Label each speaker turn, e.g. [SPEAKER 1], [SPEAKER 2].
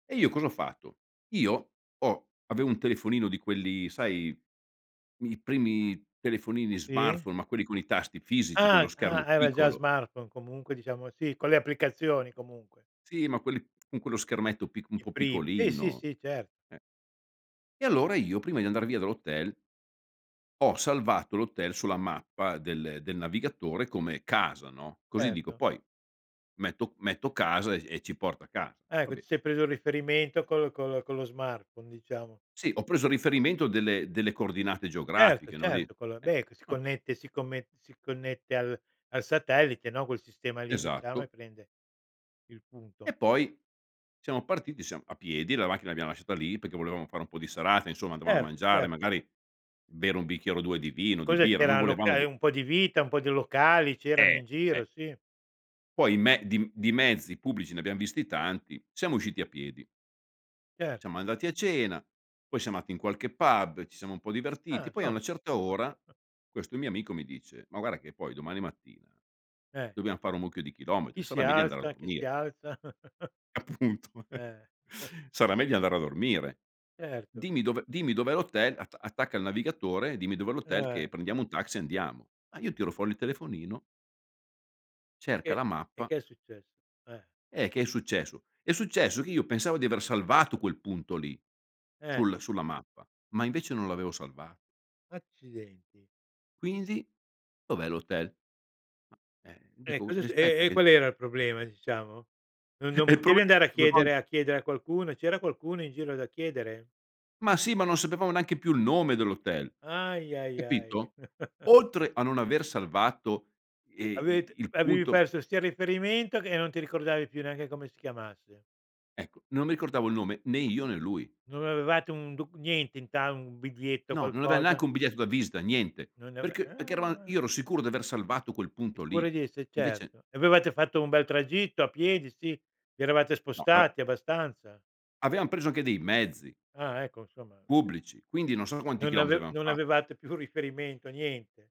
[SPEAKER 1] E io cosa ho fatto. Io ho avevo un telefonino di quelli, sai, mi primi telefonini
[SPEAKER 2] E?
[SPEAKER 1] smartphone, ma quelli con i tasti fisici, con lo
[SPEAKER 2] Ah!
[SPEAKER 1] schermo
[SPEAKER 2] Ah, era già
[SPEAKER 1] piccolo.
[SPEAKER 2] smartphone comunque diciamo sì, con le applicazioni comunque.
[SPEAKER 1] Sì, ma quelli con quello schermetto pic un
[SPEAKER 2] I
[SPEAKER 1] po'
[SPEAKER 2] prim eh, sì,
[SPEAKER 1] piccolino.
[SPEAKER 2] sì, cer
[SPEAKER 1] Eh. E allora io prima di andar via dall'hotel ho salvato l'hotel ho salvato l'hotel sulla mappa del del navigatore come "casa", no, così dico
[SPEAKER 2] Erto.
[SPEAKER 1] poi metto metto casa e e ci porta a casa. Va
[SPEAKER 2] Ecco, ti
[SPEAKER 1] beh.
[SPEAKER 2] sei preso il riferimento col con lo con lo smartphone, diciamo.
[SPEAKER 1] Sì, ho preso riferimento delle delle coordinate
[SPEAKER 2] Certo,
[SPEAKER 1] geografiche, no di
[SPEAKER 2] certo, quello
[SPEAKER 1] eh.
[SPEAKER 2] beh, che si
[SPEAKER 1] Va
[SPEAKER 2] connette si comme si connette al al satellite, no, quel sistema lì diciamo, e
[SPEAKER 1] Esatto.
[SPEAKER 2] prende il punto.
[SPEAKER 1] E poi siamo partiti, siam a piedi, la macchina l'abbiamo lasciata lì perché volevamo fare un po' di serata insomma, dovevamo
[SPEAKER 2] Erto,
[SPEAKER 1] mangiare,
[SPEAKER 2] certo.
[SPEAKER 1] magari bere 1 bicchiere o 2 di vino, di
[SPEAKER 2] Cosa
[SPEAKER 1] birra, non
[SPEAKER 2] c'era
[SPEAKER 1] volevamo
[SPEAKER 2] loca
[SPEAKER 1] gu
[SPEAKER 2] ehm, un po' di vita, po' di locali, c'erano
[SPEAKER 1] Eh!
[SPEAKER 2] in
[SPEAKER 1] Eh.
[SPEAKER 2] giro, sì.
[SPEAKER 1] Poi i me di m di mezzi pubblici ne abbiam visti tanti, siamo usciti a piedi.
[SPEAKER 2] Cer
[SPEAKER 1] Siamo andati a cena, poi siamo andati in qualche pub, ci siamo un po'
[SPEAKER 2] Ah,
[SPEAKER 1] divertiti, poi a
[SPEAKER 2] so
[SPEAKER 1] na certa ora questo mio amico mi dice: "Ma guarda che poi domani mattina
[SPEAKER 2] Eh.
[SPEAKER 1] dobbiam fare un mucchio di chilometri,
[SPEAKER 2] Chi si
[SPEAKER 1] sarà meglio andare a
[SPEAKER 2] alza, chi si
[SPEAKER 1] dormire".
[SPEAKER 2] alza?
[SPEAKER 1] Appunto eh!
[SPEAKER 2] Eh.
[SPEAKER 1] "Sarà meglio andare a dormire.
[SPEAKER 2] Certo.
[SPEAKER 1] Dimmi dov'è dimmi dov'è l'hotel, att attacca il navigatore, dimmi dov'è
[SPEAKER 2] Ah,
[SPEAKER 1] l'hotel che
[SPEAKER 2] eh.
[SPEAKER 1] prendiamo un taxi e andiamo". Ah, io tiro fuori il telefonino cerca
[SPEAKER 2] E
[SPEAKER 1] la
[SPEAKER 2] e
[SPEAKER 1] mappa
[SPEAKER 2] che è successo? Eh.
[SPEAKER 1] Eh, che è successo. È successo che io pensavo di aver salvato quel punto lì
[SPEAKER 2] Eh.
[SPEAKER 1] sul sulla mappa, ma invece non l'avevo salva
[SPEAKER 2] Accidenti.
[SPEAKER 1] Quindi? Dov'è l'hotel? Mah, eh,
[SPEAKER 2] E
[SPEAKER 1] dico:
[SPEAKER 2] cosa è
[SPEAKER 1] "Eh,
[SPEAKER 2] su
[SPEAKER 1] spetta
[SPEAKER 2] e e
[SPEAKER 1] che"
[SPEAKER 2] qual era il problema, diciamo? No non
[SPEAKER 1] E il problema
[SPEAKER 2] potevi andare a
[SPEAKER 1] [unintelligible]
[SPEAKER 2] chiedere a chiedere a qualcuno. C'era qualcuno in giro da chiedere?
[SPEAKER 1] Ma sì, ma non sapevamo neanche più il nome dell'hotel.
[SPEAKER 2] Ahia ahiai.
[SPEAKER 1] Capito? Oltre a non aver salvato, ehm, i
[SPEAKER 2] Avete
[SPEAKER 1] il
[SPEAKER 2] avevi
[SPEAKER 1] punto
[SPEAKER 2] perso sia il riferimento che e non ti ricordavi più neanche come si chiamasse.
[SPEAKER 1] Ecco, non mi ricordavo il nome né io né lui.
[SPEAKER 2] Non avevate un docu niente in ta un biglietto,
[SPEAKER 1] No, non aveva
[SPEAKER 2] qualcosa?
[SPEAKER 1] neanche un biglietto da visita, niente.
[SPEAKER 2] Non ne ave
[SPEAKER 1] Perché perché eravam io
[SPEAKER 2] ah.
[SPEAKER 1] ero sicuro di aver salvato quel
[SPEAKER 2] Il
[SPEAKER 1] punto
[SPEAKER 2] cuore
[SPEAKER 1] lì.
[SPEAKER 2] di esse,
[SPEAKER 1] Invece
[SPEAKER 2] certo. E avevate fatto un bel tragitto a piedi, sì, vi eravate
[SPEAKER 1] No eh.
[SPEAKER 2] spostati abbastanza?
[SPEAKER 1] Avevam preso anche dei mezzi
[SPEAKER 2] Ah ecco insomma.
[SPEAKER 1] pubblici, quindi non so quanti
[SPEAKER 2] Non
[SPEAKER 1] chilometri
[SPEAKER 2] ave
[SPEAKER 1] avevamo
[SPEAKER 2] non
[SPEAKER 1] fa
[SPEAKER 2] avevate più riferimento, niente.